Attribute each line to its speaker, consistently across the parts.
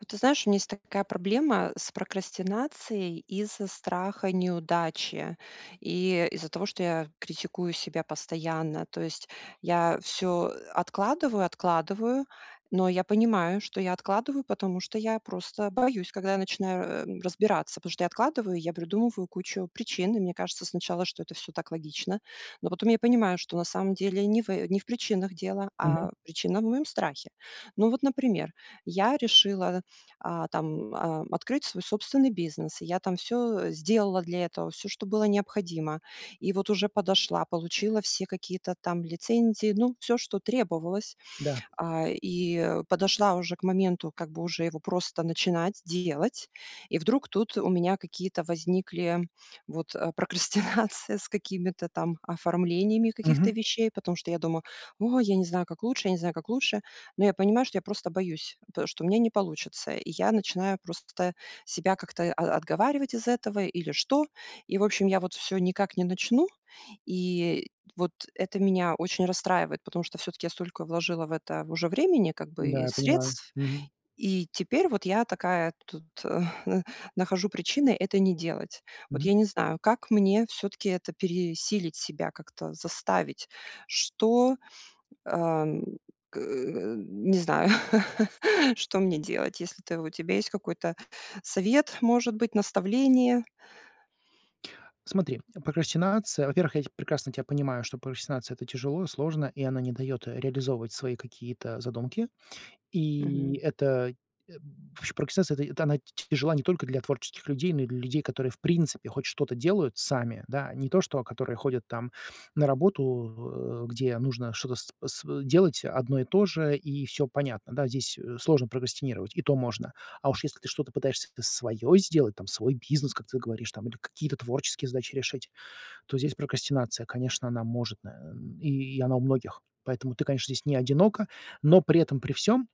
Speaker 1: Вот ты знаешь, у меня есть такая проблема с прокрастинацией из-за страха неудачи, и из-за того, что я критикую себя постоянно. То есть я всё откладываю откладываю. Но я понимаю, что я откладываю, потому что я просто боюсь, когда я начинаю, э, разбираться, потому что я откладываю, я придумываю кучу причин. И мне кажется, сначала, что это всё так логично, но потом я понимаю, что на самом деле не в, э, не в причинах дело,
Speaker 2: Мгм.
Speaker 1: а причина в моем страхе. Ну вот, например, я решила, а, там, ам, открыть свой собственный бизнес, я там всё сделала для этого, всё, что было необходимо. И вот уже подошла, получила все какие-то там лицензии, ну, всё, что требовалось.
Speaker 2: Да.
Speaker 1: А, и подошла уже к моменту, как бы уже его просто начинать делать. И вдруг тут у меня какие-то возникли вот, э, прокрастинация с какими-то там оформлениями каких-то
Speaker 2: Мгм.
Speaker 1: вещей, потому что я думаю: "О, я не знаю, как лучше. Я не знаю, как лучше". Но я понимаю, что я просто боюсь, пэ что у меня не получится. И я начинаю просто себя как-то о отговаривать из этого или что? И, в общем, я вот всё никак не начну. И вот это меня очень расстраивает, потому что всё-таки я столько вложила в это в уже времени, как бы, и
Speaker 2: Да, я понимаю.
Speaker 1: средств.
Speaker 2: Мгм.
Speaker 1: И теперь вот я такая вот тут нахожу причины это не делать. Вот
Speaker 2: Мгм.
Speaker 1: я не знаю, как мне всё-таки это пересилить себя как-то, заставить. Что, ам, э, к не знаю. Что мне делать, если ты, у тебя есть какой-то совет, может быть, наставление?
Speaker 2: Смотри, прокрастинация. Во-первых, я т прекрасно тебя понимаю, что прокрастинация это тяжело, сложно, и она не дает, э, реализовывать свои какие-то задумки. И
Speaker 1: Мгм.
Speaker 2: это, эм, ваще прокрастинация, это та т тяжела не только для творческих людей, но и для людей, которые в принципе хоть что-то делают сами, да, не то, что которые ходят, там, на работу, э, где нужно что-то сп св делать одно и то же, и всё понятно, да, здесь сложно прокрастинировать, и то можно. А уж если ты что-то пытаешься с свое сделать, там свой бизнес, как ты говоришь, там, или какие-то творческие задачи решить, то здесь прокрастинация, конечно, она может, на и она у многих. Поэтому ты, конечно, здесь не одинока, но при этом при всём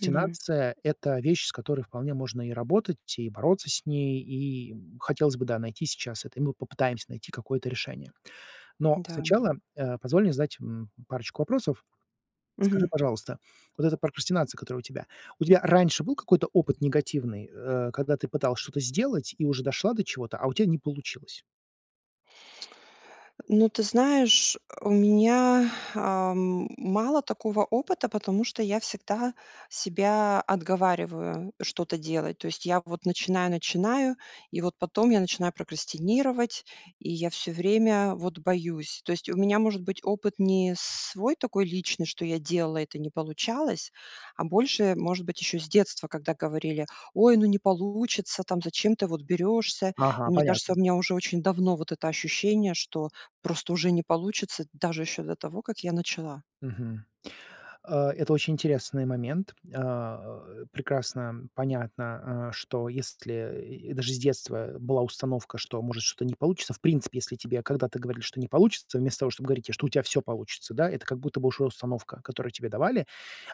Speaker 1: Мгм.
Speaker 2: это вещь, с которой вполне можно и работать, и бороться с ней. И хотелось бы, да, найти сейчас это, и мы попытаемся найти какое-то решение. Но
Speaker 1: Да.
Speaker 2: сначала, э, позволь мне задать, м, парочку вопросов. Скажи,
Speaker 1: Мгм.
Speaker 2: пожалуйста, вот эта прокрастинация, которая у тебя, у тебя раньше был какой-то опыт негативный, э, когда ты пыталась что-то сделать и уже дошла до чего-то, а у тя не получилось?
Speaker 1: Ну ты знаешь, у меня, ам, мало такого опыта, потому что я всегда себя отговариваю что-то делать. То есть я вот начинаю начинаю и вот потом я начинаю прокрастинировать, и я всё время вот боюсь. То есть у меня может быть опыт не свой такой личный, что я делала, и это не получалось, а больше, может быть, еще с детства, когда говорили: "Ой, ну не получится. Там. Зачем ты вот берешься?"
Speaker 2: Ага,
Speaker 1: И мне кажется,
Speaker 2: понятно.
Speaker 1: у меня уже очень давно вот это ощущение, что просто уже не получится даже еще до того, как я начала.
Speaker 2: Мгм. Э, это очень интересный момент. А, прекрасно понятно, а, что если, и даже с детства была установка, что, может, что-то не получится. В принципе, если тебе, когда ты говорили, что не получится, вместо того, чтобы говорить те, что у тя всё получится, да, это как будто бы уже установка, которую тебе давали.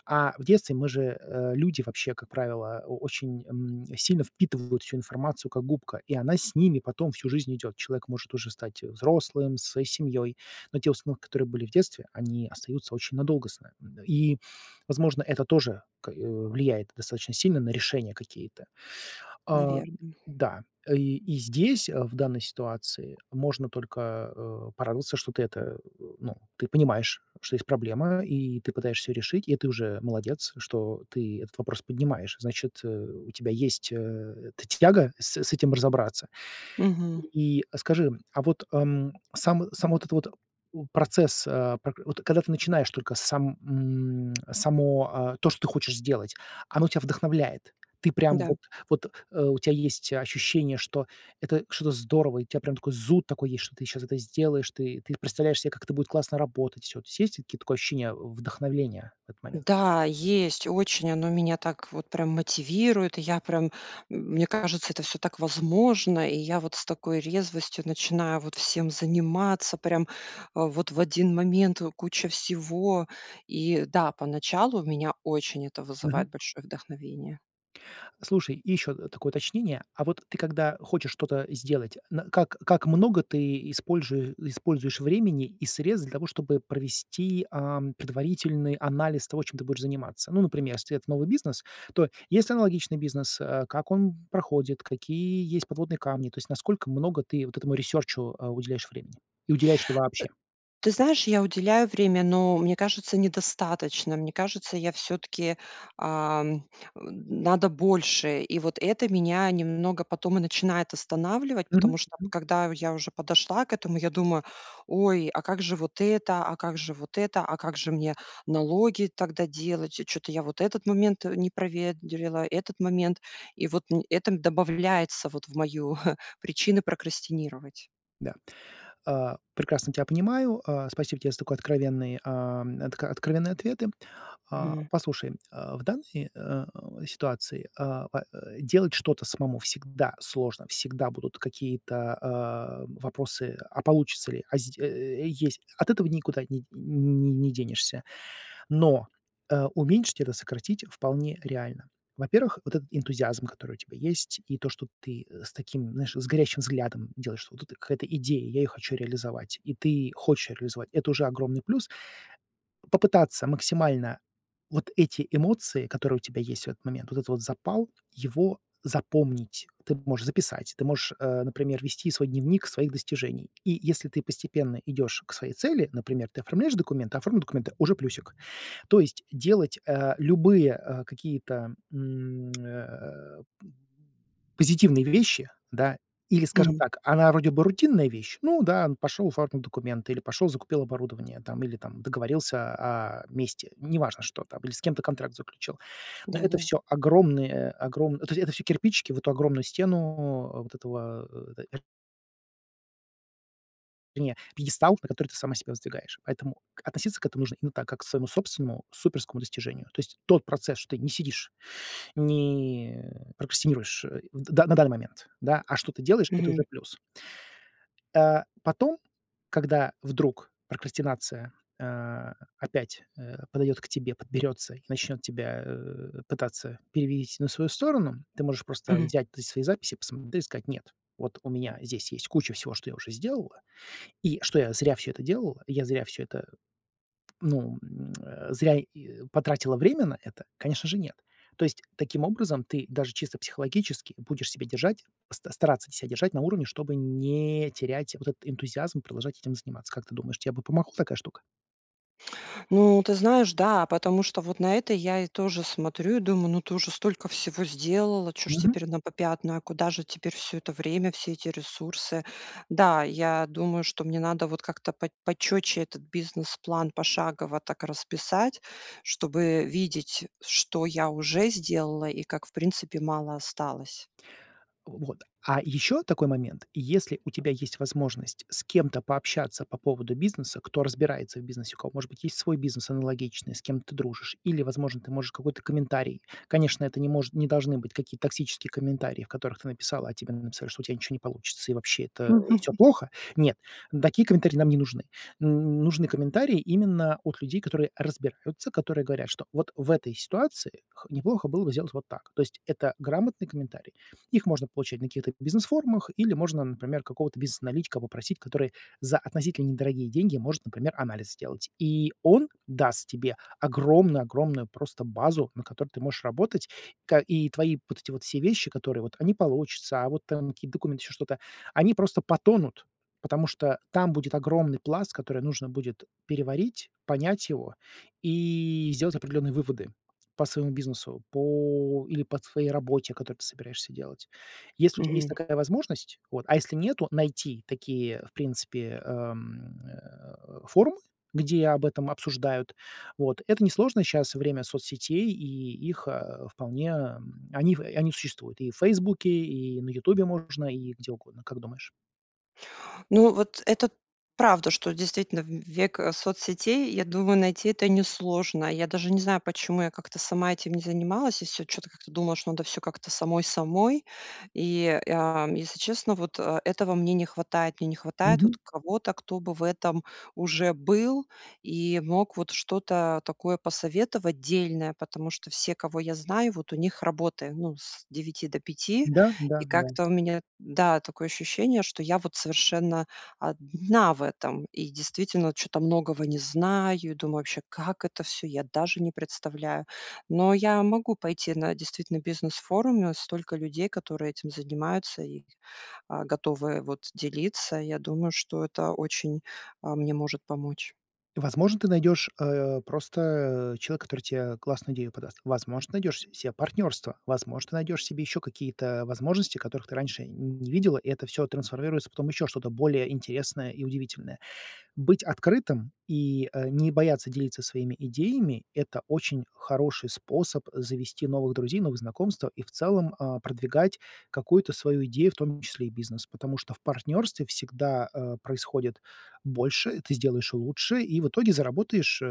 Speaker 2: А в детстве мы же, э, люди вообще, как правило, очень, м, сильно впитывают всю информацию, как губка, и она с ними потом всю жизнь идет. Человек может уже стать взрослым, со своей семьей. Но те установки, которые были в детстве, они остаются очень надолго с нами, м. И, возможно, это тоже к э, влияет достаточно сильно на решения какие-то. А,
Speaker 1: Наверно.
Speaker 2: да, и и здесь, э, в данной ситуации, можно только, э, порадоваться, что ты это, ну, ты понимаешь, что есть проблема, и ты пытаешься её решить, и ты уже молодец, что ты этот вопрос поднимаешь, значит, э, у тебя есть, э, эта тяга с с этим разобраться.
Speaker 1: Мгм.
Speaker 2: И скажи, а вот, ам, сам, само вот это вот, у процесс, а пр вот когда ты начинаешь только сам, м, само, а, то, что ты хочешь сделать, оно тя вдохновляет. Ты прямо
Speaker 1: Да.
Speaker 2: вот, вот, э, у тебя есть ощущение, что это что-то здорово, у тебя прямо такой зуд такой есть, что ты сейчас это сделаешь, ты представляешь себе, как это будет классно работать всё. То есть ли такое ощущение вдохновения в этот момент?
Speaker 1: Да, есть. Очень оно меня так вот прям мотивирует. И я прям, мне кажется, это всё так возможно. И я вот с такой резвостью начинаю вот всем заниматься, прям, э, вот в 1 момент куча всего. И да, поначалу у меня очень это вызывает
Speaker 2: Мгм.
Speaker 1: большое вдохновение.
Speaker 2: Слушай и ещё, э, такое уточнение. А вот ты когда хочешь что-то сделать, на как как много ты испольжуе используешь времени и средств для того, чтобы провести, ам, предварительный анализ того, чем ты будешь заниматься. Ну, например, если это новый бизнес, то есть аналогичный бизнес, а, как он проходит, какие есть подводные камни? То есть насколько много ты вот этому ресёрчу, а, уделяешь времени и уделяешь ли
Speaker 1: Э,
Speaker 2: вообще?
Speaker 1: ты знаешь, я уделяю время, но мне кажется недостатачно. Мне кажется, я всё-таки, ам, н надо больше. И вот это меня немного потом и начинает останавливать.
Speaker 2: Мгм
Speaker 1: Потому
Speaker 2: мгм.
Speaker 1: когда я уже подошла к этому, я думаю: "Ой, а как же вот это? А как же вот это? А как же мне налоги тогда делать? Чё-то я вот этот момент не проверила, этот момент", и вот это добавляется в мою причины прокрастинировать.
Speaker 2: Да, а, прекрасно тя понимаю. А спасибо тебе за такой откровенный а, откро откровенные ответы. А
Speaker 1: М.
Speaker 2: послушай, а, в данной, э, а, ситуации, а, делать что-то самому всегда сложно, всегда будут какие-то, а, вопросы- а получится ли? А зд э, есть. Ат этого никуда не не не денешься. Но, э, уменьшить это, сократить вполне реально. Во-первых, вот этот энтузиазм, который у тебя есть, и то, что ты с таким, знаешь, с горящим взглядом делаешь, что вот эта какая-то идея, я её хочу реализовать, и ты хочешь реализовать, это уже огромный плюс. Попытаться максимально вот эти эмоции, которые у тебя есть в этот момент, вот этот вот запал, его запомнить. Ты можешь записать, ты можешь, э, например, вести свой дневник своих достижений. И если ты постепенно идешь к своей цели, например, ты оформляешь документы, оформил документы- уже плюсик. То есть делать, а, любые, а, какие-то, м, э п Позитивные вещи, да, или, скажем
Speaker 1: Мгм.
Speaker 2: так, она вроде бы рутинная вещь, ну да, пошел оформил документы, или пошел, закупил оборудование, там, или там, договорился, а, о месте, неважно, что там, или с кем-то контракт заключил. Это
Speaker 1: Да-да.
Speaker 2: всё огромные огромн то есть это всё кирпичики в эту огромную стену вот этого. [unintelligible] Вернее пъедестал, на который ты сама себя воздвигаешь. Поэтому относиться к этому нужно именно так, как к своему собственному суперскому достижению. То есть тот процесс, что ты не сидишь, не прокрастинируешь, в, на данный момент, да, а что-то делаешь, это
Speaker 1: Мгм.
Speaker 2: уже плюс. Э, потом, когда вдруг прокрастинация, а, опять, э, подойдет к тебе, подберется и начнет тебя, э, пытаться перевить на свою сторону, ты можешь просто
Speaker 1: Мгм.
Speaker 2: взять свои записи посмотреть и сказать: нет, вот у меня здесь есть куча всего, что я уже сделала, и что я зря всё это делала, я зря все это, ну, э, зря и потратила время на это? Конечно же, нет. То есть таким образом, ты даже чисто психологически будешь себя держать, ста стараться ся держать на уровне, чтобы не терять вот этот энтузиазм продолжать этим заниматься. Как ты думаешь, тебе бы помогла такая штука?
Speaker 1: Ну, ты знаешь, да, потому что вот, на это я и тоже смотрю и думаю: "Ну ты уже столько всего сделала, чё ж
Speaker 2: Мгм.
Speaker 1: теперь на попятную, а куда же теперь всё это время, все эти ресурсы!". Да, я думаю, что мне надо вот как-то пот почётче этот бизнес-план пошагово так расписать, чтобы видеть, что я уже сделала и как в принципе мало осталось.
Speaker 2: Вот. А ещё такой момент, если у тебя есть возможность с кем-то пообщаться по поводу бизнеса, кто разбирается в бизнесе, у кого, может быть, есть свой бизнес аналогичный, с кем ты дружишь, или, возможно, ты можешь какой-то комментарий. Конечно, это не может, не должны быть, какие-то токсические комментарии, в которых ты написала, а тебе написали, что у тя ничего не получится, и вообще это, э, всё плохо. Нет, такие комментарии нам не нужны. Н нужны комментарии именно от людей, которые разбираются, которые говорят, что вот в этой ситуации х неплохо было бы сделать вот так. То есть это грамотный комментарий. Их можно получать на каких-то бизнес-форумах, или можно, например, какого-то бизнес-аналитика попросить, который за относительно недорогие деньги может, например, анализ сделать. И, он даст тебе огромную огромную просто базу, на которой ты можешь работать, ка и твои вот эти вот все вещи, которые вот, а не получиться, а вот там какие-то документы, ещё что-то, они просто потонут, потому что там будет огромный пласт, который нужно будет переварить, понять его, и сделать определённые выводы по своему бизнесу, по или по твоей работе, которую ты собираешься делать. Если у тебя есть
Speaker 1: Мгм.
Speaker 2: такая возможность, вот а если нету, найти такие, в принципе, эм, э, форумы, где об этом обсуждают. Вот, это несложно щас время соцсетей, и их, э, вполне, э, они в они существуют и в "Фейсбуке", и на "Ютубе" можно, и где угодно. Как думаешь?
Speaker 1: Ну, вот, это правда, что действительно в век соцсетей, я думаю найти это несложно. Я даже не знаю, почему я как-то сама этим не занималась, и всё чё-то как-то думала, что надо всё как-то самой-самой, и, э, если честно, вот э этого мне не хватает. Мне не хватает
Speaker 2: Мгм.
Speaker 1: кого-то, кто бы в этом уже был, и мог вот что-то такое посоветовать дельное, потому что все, кого я знаю, вот, у них работаем ну с 9 до 5, и
Speaker 2: Да-да-да.
Speaker 1: как-то у меня, да, такое ощущение, что я вот совершенно 1 в этом. И действительно чё-то многого не знаю. И думаю, вообще, как это все, я даже не представляю. Но я могу пойти на действительно бизнес-форуме, столько людей, которые этим занимаются и, а, готовы, вот, делиться. Я думаю, что это очень, э, мне может помочь.
Speaker 2: Возможно, ты найдёшь, э, просто, э, человека, который те, э, классную идею подаст. Возможно, найдёшь с cе партнёрство. Возможно, ты найдёшь себе ещё какие-то возможности, которых ты раньше не видела, и это всё трансформируется в потом ещё что-то более интересное и удивительное. Быть открытым и, э, не бояться делиться своими идеями- это очень хороший способ завести новых друзей, новые знакомства и в целом, э, продвигать какую-то свою идею, в том числе и бизнес, потому что в партнерстве всегда, э, происходит больше, ты сделаешь лучше, и в итоге, э, заработаешь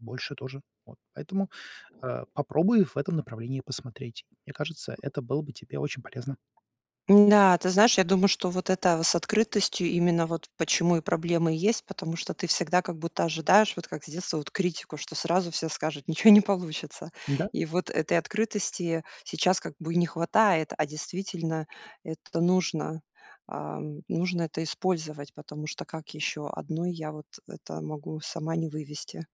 Speaker 2: больше тоже. Вот поэтому, э, попробуй в этом направлении посмотреть. Мне кажется, это было бы тебе очень полезно.
Speaker 1: Да, ты знаешь, я думаю что вот это с открытостью именно вот почему и проблемы есть, потому что ты всегда как будто ожидаешь, вот как с детства вот критику, что сразу все скажут: "Ниче не получится."
Speaker 2: Да.
Speaker 1: И вот этой открытости сейчас как бы и не хватает. А действительно это нужно. А, нужно это использовать. Потому что, как еще 1 я вот это могу сама не вывести.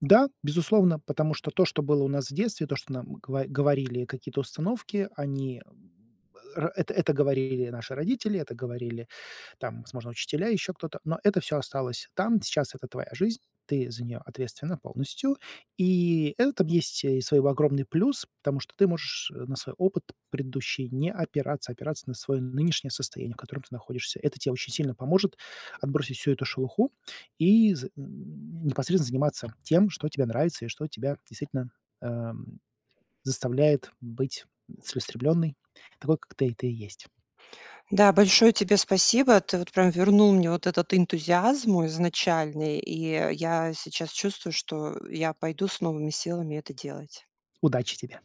Speaker 2: Да, безусловно, потому что, то, что было у нас в детстве, то, что нам гово говорили какие-то установки, они, м, э, это это говорили наши родители, это говорили, там возможно, учителя, еще кто-то, но это всё осталось там. Сейчас это твоя жизнь, ты за нее ответственна полностью. И это есть и свой огромный плюс, потому что ты можешь на свой опыт предыдущий не опираться, опираться на свое нынешнее состояние, в котором ты находишься. Это те очень сильно поможет отбросить всю эту шелуху и з м, непосредственно заниматься тем, что тебе нравится и что тебя действительно, эм, заставляет быть целеустремлённой, такой, как ты ты и есть.
Speaker 1: Да, большое тебе спасибо. Ты вот прям вернул мне вот этот энтузиазм мой изначальный. И я сейчас чувствую, что я пойду с новыми силами это делать.
Speaker 2: Удачи тебе.